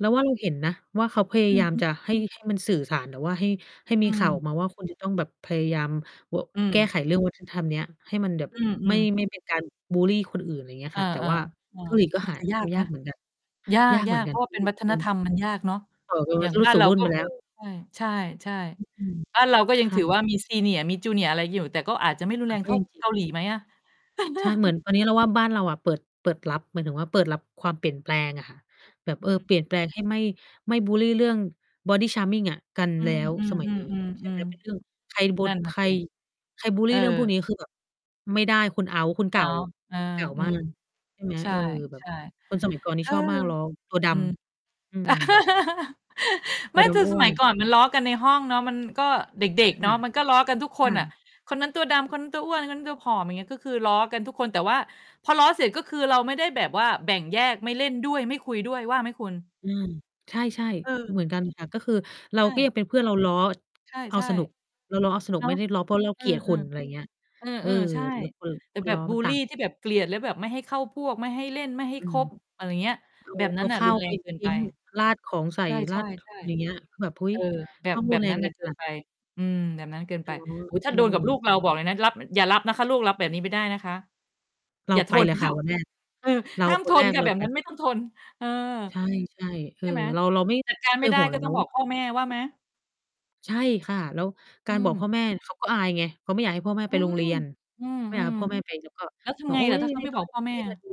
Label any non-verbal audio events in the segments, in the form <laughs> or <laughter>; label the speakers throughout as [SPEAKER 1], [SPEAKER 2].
[SPEAKER 1] เราว่า เราเห็นนะว่า เขาพยา
[SPEAKER 2] อื
[SPEAKER 1] ย
[SPEAKER 2] อ
[SPEAKER 1] าม
[SPEAKER 2] ฮึ
[SPEAKER 1] จะให้ ให้มันสื่อสาร หรือว่าให้ ให้ม
[SPEAKER 2] อื
[SPEAKER 1] ีข่าว
[SPEAKER 2] ม
[SPEAKER 1] ออกมาว่า คุณจะต้องแบบพยายาม เออ
[SPEAKER 2] อื
[SPEAKER 1] แก้
[SPEAKER 2] ม
[SPEAKER 1] ไขเรื่อง วัฒนธรรม เนี้ย ให้มันแบบ
[SPEAKER 2] อื
[SPEAKER 1] ไม่
[SPEAKER 2] ม ๆ
[SPEAKER 1] ไม่เป็นการ บุลลีคนอื่น อะไรอย่างเงี้ย
[SPEAKER 2] เออ
[SPEAKER 1] ค่ะ แต
[SPEAKER 2] ๆ
[SPEAKER 1] ่ว่า
[SPEAKER 2] เออ
[SPEAKER 1] เกาหลีก็
[SPEAKER 2] มั
[SPEAKER 1] ห
[SPEAKER 2] น
[SPEAKER 1] า
[SPEAKER 2] จะ ย
[SPEAKER 1] ท
[SPEAKER 2] ากไ
[SPEAKER 1] ำย
[SPEAKER 2] หม
[SPEAKER 1] ากเหมือนกัน
[SPEAKER 2] ย
[SPEAKER 1] ยากเหม
[SPEAKER 2] า
[SPEAKER 1] ือ
[SPEAKER 2] ก
[SPEAKER 1] น
[SPEAKER 2] ๆ เ
[SPEAKER 1] กั
[SPEAKER 2] พร
[SPEAKER 1] น
[SPEAKER 2] าะว่า
[SPEAKER 1] อื
[SPEAKER 2] เป็น
[SPEAKER 1] อ
[SPEAKER 2] วัฒ
[SPEAKER 1] อื
[SPEAKER 2] น
[SPEAKER 1] ม
[SPEAKER 2] ธรรม มันยากเนาะ
[SPEAKER 1] บอกเลยว
[SPEAKER 2] อย
[SPEAKER 1] ่
[SPEAKER 2] ่
[SPEAKER 1] า
[SPEAKER 2] างบ้า
[SPEAKER 1] ส
[SPEAKER 2] น
[SPEAKER 1] ู่
[SPEAKER 2] เรา
[SPEAKER 1] รุ่น
[SPEAKER 2] ก็
[SPEAKER 1] ไปแล้ว
[SPEAKER 2] เออ ใช่
[SPEAKER 1] อือ
[SPEAKER 2] ๆ
[SPEAKER 1] อืม
[SPEAKER 2] ๆ บ้านเราก็
[SPEAKER 1] ใ
[SPEAKER 2] ยั
[SPEAKER 1] ค
[SPEAKER 2] ง ถือ
[SPEAKER 1] ร
[SPEAKER 2] ว่า มี Senior มี Junior อะไรอยู่ แต่ก็อาจจะไม่รุน
[SPEAKER 1] ม
[SPEAKER 2] แ
[SPEAKER 1] ั
[SPEAKER 2] ร
[SPEAKER 1] น
[SPEAKER 2] ง
[SPEAKER 1] ก็
[SPEAKER 2] เท่า
[SPEAKER 1] ยังจ
[SPEAKER 2] เก
[SPEAKER 1] ิ
[SPEAKER 2] าหลีไหมอะ?
[SPEAKER 1] ใช่ เหมือน
[SPEAKER 2] <laughs>
[SPEAKER 1] ตอนนี้เราว่า บ้านเราเปิด เปิดรับ หมายถึงว่า เปิดรับความเปลี่ยนแปลงอะค่ะ แบบ เ
[SPEAKER 2] อ
[SPEAKER 1] อ
[SPEAKER 2] ื
[SPEAKER 1] อ เปลี่ย
[SPEAKER 2] ม
[SPEAKER 1] นแปลงให้ไม่ ไม่บุลลีเรื่อง body charming อะกัน
[SPEAKER 2] อื
[SPEAKER 1] แล้ว สมัยนี้ ใช่ไห
[SPEAKER 2] อ
[SPEAKER 1] ม
[SPEAKER 2] ๆ ๆ
[SPEAKER 1] เป็นเรื่อง ใคร
[SPEAKER 2] ๆ
[SPEAKER 1] บุ
[SPEAKER 2] ๆ นั่นนะ
[SPEAKER 1] ใคร
[SPEAKER 2] สิ
[SPEAKER 1] ใครบุล
[SPEAKER 2] เ
[SPEAKER 1] ล
[SPEAKER 2] อ
[SPEAKER 1] ี
[SPEAKER 2] อ
[SPEAKER 1] เรื่องพวกนี้ คือแบบไม่ได้ คุณเอาต์ คุณเก
[SPEAKER 2] เน
[SPEAKER 1] ่
[SPEAKER 2] า
[SPEAKER 1] า
[SPEAKER 2] ะ เออ
[SPEAKER 1] เก่า
[SPEAKER 2] อื
[SPEAKER 1] มา
[SPEAKER 2] ม
[SPEAKER 1] ก ใช่ไหม
[SPEAKER 2] ใช
[SPEAKER 1] เ
[SPEAKER 2] ่
[SPEAKER 1] ออ แบ
[SPEAKER 2] ใ
[SPEAKER 1] บ
[SPEAKER 2] ช่
[SPEAKER 1] คน สมัยก่อนน
[SPEAKER 2] เ
[SPEAKER 1] ี่
[SPEAKER 2] ออ
[SPEAKER 1] ชอบมากล้อตัวด
[SPEAKER 2] อืม
[SPEAKER 1] ำ อืม
[SPEAKER 2] <laughs>
[SPEAKER 1] ต
[SPEAKER 2] ไม
[SPEAKER 1] ั
[SPEAKER 2] ่
[SPEAKER 1] วด
[SPEAKER 2] แต่
[SPEAKER 1] ำอ
[SPEAKER 2] ส
[SPEAKER 1] ้ว
[SPEAKER 2] มั
[SPEAKER 1] น
[SPEAKER 2] ยก่อนมันล้อกันในห้องเนาะ มันก็ เด็ก
[SPEAKER 1] ค
[SPEAKER 2] ๆ เนา
[SPEAKER 1] ่
[SPEAKER 2] ะ
[SPEAKER 1] ะ
[SPEAKER 2] มันก็ล้อกันทุกค
[SPEAKER 1] ค
[SPEAKER 2] น
[SPEAKER 1] ่
[SPEAKER 2] อะ
[SPEAKER 1] ะ
[SPEAKER 2] "คนนั้นตัวดำ คนนั้นตัวอ้วน คนนั้นตัวผอม" อย่างเงี้ย ก็คือล้อกันทุกคน แต่ว่า พอล้อเสร็จ ก็คือเราไม่ได้แบบว่าแบ่งแยก ไม่เล่นด้วย ไม่คุยด้วย ว่าไหมคุณ?
[SPEAKER 1] อืม ใช่
[SPEAKER 2] เ
[SPEAKER 1] ๆ
[SPEAKER 2] ออ
[SPEAKER 1] เหมือนกันค่ะ ก็คือเร
[SPEAKER 2] ใ
[SPEAKER 1] า
[SPEAKER 2] ช
[SPEAKER 1] ก็ยั
[SPEAKER 2] ่
[SPEAKER 1] งเป็นเพื่อน เรา ล้อ
[SPEAKER 2] ใช
[SPEAKER 1] เอา
[SPEAKER 2] ่
[SPEAKER 1] สนุก เราล้อเอาส
[SPEAKER 2] ๆ
[SPEAKER 1] นุ
[SPEAKER 2] เน
[SPEAKER 1] ก
[SPEAKER 2] า
[SPEAKER 1] ไม
[SPEAKER 2] ะ
[SPEAKER 1] ่ล้อ เพราะเรา
[SPEAKER 2] เอ
[SPEAKER 1] เ
[SPEAKER 2] อ
[SPEAKER 1] กลียดคุณ อะไรอย
[SPEAKER 2] ๆ
[SPEAKER 1] ่างเงี้ย
[SPEAKER 2] เอ
[SPEAKER 1] เออ
[SPEAKER 2] อ ๆ ใช่
[SPEAKER 1] แล้วเปิด
[SPEAKER 2] แต่แบ
[SPEAKER 1] ร
[SPEAKER 2] บ
[SPEAKER 1] อ
[SPEAKER 2] บุ
[SPEAKER 1] มัน
[SPEAKER 2] ล
[SPEAKER 1] ต
[SPEAKER 2] ล
[SPEAKER 1] ั
[SPEAKER 2] ี
[SPEAKER 1] ก
[SPEAKER 2] ที่แบบเกลียด แล้วแบบไม่ให้เข้าพวก ไม่ให้เล่น ไม่ให้
[SPEAKER 1] อื
[SPEAKER 2] ค
[SPEAKER 1] ม
[SPEAKER 2] บ อะไรอย่างเงี้ย
[SPEAKER 1] เอา
[SPEAKER 2] แบบ
[SPEAKER 1] เ
[SPEAKER 2] น
[SPEAKER 1] อ
[SPEAKER 2] ั้
[SPEAKER 1] า
[SPEAKER 2] นอะ
[SPEAKER 1] ข้
[SPEAKER 2] ร
[SPEAKER 1] า
[SPEAKER 2] ุ
[SPEAKER 1] ว
[SPEAKER 2] นแร
[SPEAKER 1] ไป
[SPEAKER 2] งเกิน
[SPEAKER 1] ท
[SPEAKER 2] ไ
[SPEAKER 1] ิ
[SPEAKER 2] ป
[SPEAKER 1] ้ง ราดของใส
[SPEAKER 2] ใ
[SPEAKER 1] ่
[SPEAKER 2] ช
[SPEAKER 1] รา
[SPEAKER 2] ่
[SPEAKER 1] ด อย่างเงี
[SPEAKER 2] ๆ
[SPEAKER 1] ้ย คือแบบ เฮ้
[SPEAKER 2] ๆ เอ
[SPEAKER 1] ย
[SPEAKER 2] อ แบ
[SPEAKER 1] ต
[SPEAKER 2] บ
[SPEAKER 1] ้อง
[SPEAKER 2] แบ
[SPEAKER 1] รุน
[SPEAKER 2] บ
[SPEAKER 1] แร
[SPEAKER 2] นั้
[SPEAKER 1] ง
[SPEAKER 2] นน
[SPEAKER 1] ก
[SPEAKER 2] ่
[SPEAKER 1] ั
[SPEAKER 2] ะ
[SPEAKER 1] น
[SPEAKER 2] เ
[SPEAKER 1] ข
[SPEAKER 2] กิ
[SPEAKER 1] น
[SPEAKER 2] น
[SPEAKER 1] าด
[SPEAKER 2] ไป อืม แบบนั้นเกิน
[SPEAKER 1] อ
[SPEAKER 2] ไป
[SPEAKER 1] ๋อ
[SPEAKER 2] โอ้โฮ ถ้า
[SPEAKER 1] อื
[SPEAKER 2] โดนกับลู
[SPEAKER 1] ม
[SPEAKER 2] กเรา บอกเลยนะ รับ อย่ารับนะคะ ลูกรับแบบนี้ไม่ได้นะคะ
[SPEAKER 1] เรา
[SPEAKER 2] อย่า
[SPEAKER 1] ไ
[SPEAKER 2] ท
[SPEAKER 1] ปเ
[SPEAKER 2] น
[SPEAKER 1] ลยค
[SPEAKER 2] ค
[SPEAKER 1] ่ะ
[SPEAKER 2] ่ะ
[SPEAKER 1] วันแรก
[SPEAKER 2] เออ
[SPEAKER 1] เรา
[SPEAKER 2] ห้าม
[SPEAKER 1] ค
[SPEAKER 2] ท
[SPEAKER 1] นแร
[SPEAKER 2] น
[SPEAKER 1] ก
[SPEAKER 2] ค่ะ
[SPEAKER 1] เร
[SPEAKER 2] แ
[SPEAKER 1] า
[SPEAKER 2] บบ
[SPEAKER 1] ไป
[SPEAKER 2] นั้นไม่
[SPEAKER 1] ก่อ
[SPEAKER 2] ต้อ
[SPEAKER 1] น
[SPEAKER 2] งทน เออ
[SPEAKER 1] ใช่ ๆ เอ
[SPEAKER 2] ใช
[SPEAKER 1] อ
[SPEAKER 2] ่ไหม
[SPEAKER 1] เรา เราไม่
[SPEAKER 2] จัดการ
[SPEAKER 1] เค
[SPEAKER 2] ไม่
[SPEAKER 1] ย
[SPEAKER 2] ได
[SPEAKER 1] ห
[SPEAKER 2] ้
[SPEAKER 1] ่วง เล
[SPEAKER 2] ก็
[SPEAKER 1] ย
[SPEAKER 2] ต
[SPEAKER 1] น
[SPEAKER 2] ้อ
[SPEAKER 1] ะ
[SPEAKER 2] ง
[SPEAKER 1] ว
[SPEAKER 2] บ
[SPEAKER 1] ่
[SPEAKER 2] อ
[SPEAKER 1] า
[SPEAKER 2] กพ่อแม่ว่าไหม?
[SPEAKER 1] ใช่ค่ะ แล้วก
[SPEAKER 2] อื
[SPEAKER 1] ารบอก
[SPEAKER 2] ม
[SPEAKER 1] พ่อแม่ เขาก็อายไง เขาไม่อยากให้พ่อแม่
[SPEAKER 2] อื
[SPEAKER 1] ไปโรง
[SPEAKER 2] ม
[SPEAKER 1] เรียน
[SPEAKER 2] อื
[SPEAKER 1] ไม่อยากให
[SPEAKER 2] ม
[SPEAKER 1] ้พ่อแม่ ไป แล้วก็
[SPEAKER 2] ๆ แล้วท
[SPEAKER 1] บ
[SPEAKER 2] ำ
[SPEAKER 1] อ
[SPEAKER 2] ไ
[SPEAKER 1] ก
[SPEAKER 2] ง
[SPEAKER 1] อุ๊
[SPEAKER 2] ล่ะ
[SPEAKER 1] ย
[SPEAKER 2] ถ้า
[SPEAKER 1] ยิ
[SPEAKER 2] เข
[SPEAKER 1] น
[SPEAKER 2] า
[SPEAKER 1] ดี
[SPEAKER 2] ไม่
[SPEAKER 1] ต้
[SPEAKER 2] บ
[SPEAKER 1] อ
[SPEAKER 2] อ
[SPEAKER 1] น
[SPEAKER 2] ก
[SPEAKER 1] รั
[SPEAKER 2] พ
[SPEAKER 1] บ
[SPEAKER 2] ่อแม่
[SPEAKER 1] ที่
[SPEAKER 2] อ
[SPEAKER 1] ม
[SPEAKER 2] ะ?
[SPEAKER 1] าดู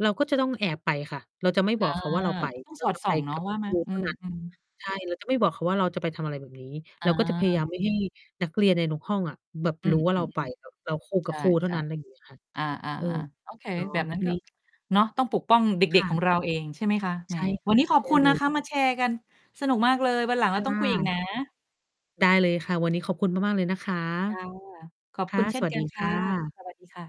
[SPEAKER 1] เราก็จะต้องแอบไปค่ะ เราจะไม่
[SPEAKER 2] อ
[SPEAKER 1] บ
[SPEAKER 2] า
[SPEAKER 1] อกเขาว่า เราไป
[SPEAKER 2] ก็ต้อง
[SPEAKER 1] เร
[SPEAKER 2] ส
[SPEAKER 1] า
[SPEAKER 2] อด
[SPEAKER 1] จะ
[SPEAKER 2] ส่
[SPEAKER 1] ไป
[SPEAKER 2] องเนา
[SPEAKER 1] ก
[SPEAKER 2] ะ
[SPEAKER 1] ับ
[SPEAKER 2] ว่าไห
[SPEAKER 1] ค
[SPEAKER 2] ม?
[SPEAKER 1] รู
[SPEAKER 2] อื
[SPEAKER 1] เท่านั้น
[SPEAKER 2] ม ๆ
[SPEAKER 1] ใช่ เราจะไม่บอกเขาว่า เราจะไปทำอะไรแบบนี้
[SPEAKER 2] อ
[SPEAKER 1] เร
[SPEAKER 2] า
[SPEAKER 1] าก็จะพยายาม ไม่ให้ นักเรียนในทุกห้องอะ แบบ
[SPEAKER 2] อื
[SPEAKER 1] ร
[SPEAKER 2] ม
[SPEAKER 1] ู้ว่
[SPEAKER 2] อ
[SPEAKER 1] า
[SPEAKER 2] ื
[SPEAKER 1] เรา
[SPEAKER 2] อ
[SPEAKER 1] ไป แบบเราโค
[SPEAKER 2] ๆ ใ
[SPEAKER 1] ก
[SPEAKER 2] ช
[SPEAKER 1] ับ
[SPEAKER 2] ่
[SPEAKER 1] ครูเท่านั้น อะไรอย่างเงี้ยค่ะ
[SPEAKER 2] ๆ อา
[SPEAKER 1] เออ
[SPEAKER 2] ๆ ๆ โอเค
[SPEAKER 1] เนาะ
[SPEAKER 2] แบบนั้
[SPEAKER 1] วั
[SPEAKER 2] น
[SPEAKER 1] น
[SPEAKER 2] ก็
[SPEAKER 1] นี้
[SPEAKER 2] เนาะ ต้องปกป้องเด
[SPEAKER 1] ค
[SPEAKER 2] ็ก
[SPEAKER 1] ่
[SPEAKER 2] ๆ ของ
[SPEAKER 1] ะ
[SPEAKER 2] เราเอง ใช่ไหมคะ แห
[SPEAKER 1] ใ
[SPEAKER 2] ม
[SPEAKER 1] ช่ค
[SPEAKER 2] ว
[SPEAKER 1] ่
[SPEAKER 2] ั
[SPEAKER 1] ะ
[SPEAKER 2] นนี้ขอ
[SPEAKER 1] ใ
[SPEAKER 2] บ
[SPEAKER 1] ช่
[SPEAKER 2] คุณ
[SPEAKER 1] เล
[SPEAKER 2] นะ
[SPEAKER 1] ย
[SPEAKER 2] คะ มาแชร์กันสนุกมากเลย วันหลังเ
[SPEAKER 1] ค
[SPEAKER 2] รา
[SPEAKER 1] ่
[SPEAKER 2] ต้องคุย อีก
[SPEAKER 1] ะ
[SPEAKER 2] นะ
[SPEAKER 1] ได้เลยค่ะ วันนี้ขอบคุณมาก ๆ เลยนะคะ
[SPEAKER 2] จ้ะ ขอบ
[SPEAKER 1] ค
[SPEAKER 2] ค
[SPEAKER 1] ่
[SPEAKER 2] ุ
[SPEAKER 1] ะ
[SPEAKER 2] ณเช่
[SPEAKER 1] ส
[SPEAKER 2] น
[SPEAKER 1] วั
[SPEAKER 2] ก
[SPEAKER 1] ส
[SPEAKER 2] ั
[SPEAKER 1] ด
[SPEAKER 2] น
[SPEAKER 1] ี
[SPEAKER 2] ค
[SPEAKER 1] ค
[SPEAKER 2] ่ะ
[SPEAKER 1] ่ะ
[SPEAKER 2] สวัสดีค่ะ